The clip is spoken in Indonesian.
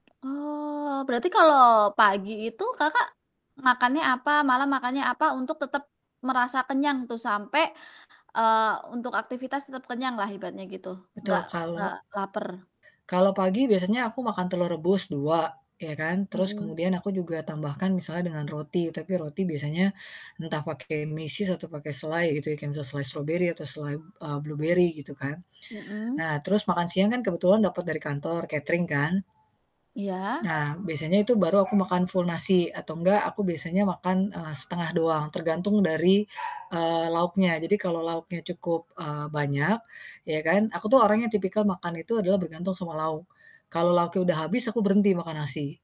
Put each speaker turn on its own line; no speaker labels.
Oh, berarti kalau pagi itu Kakak makannya apa, malam makannya apa, untuk tetap merasa kenyang tuh sampai, eee, untuk aktivitas tetap kenyanglah ibaratnya gitu,
Betul,
nggak
kalau
nggak laper?
kalau pagi biasanya aku makan telur rebus 2, ya kan. Terus
Mhm.
kemudian aku juga tambahkan misalnya dengan roti, tapi roti biasanya entah pake meses atau pake selai gitu ya, kan bisa selai strawberry atau selai, eee, blueberry gitu kan.
Mhm.
Nah terus makan siang kan kebetulan dapet dari kantor catering kan.
Iya?
Nah, biasanya itu baru aku makan full nasi atau enggak aku biasanya makan, eee, setengah doang tergantung dari, eee, lauknya. Jadi kalau lauknya cukup, eee, banyak, ya kan aku tuh orang yang tipikal makan itu adalah bergantung sama lauk, kalau lauknya udah habis aku berhenti makan nasi.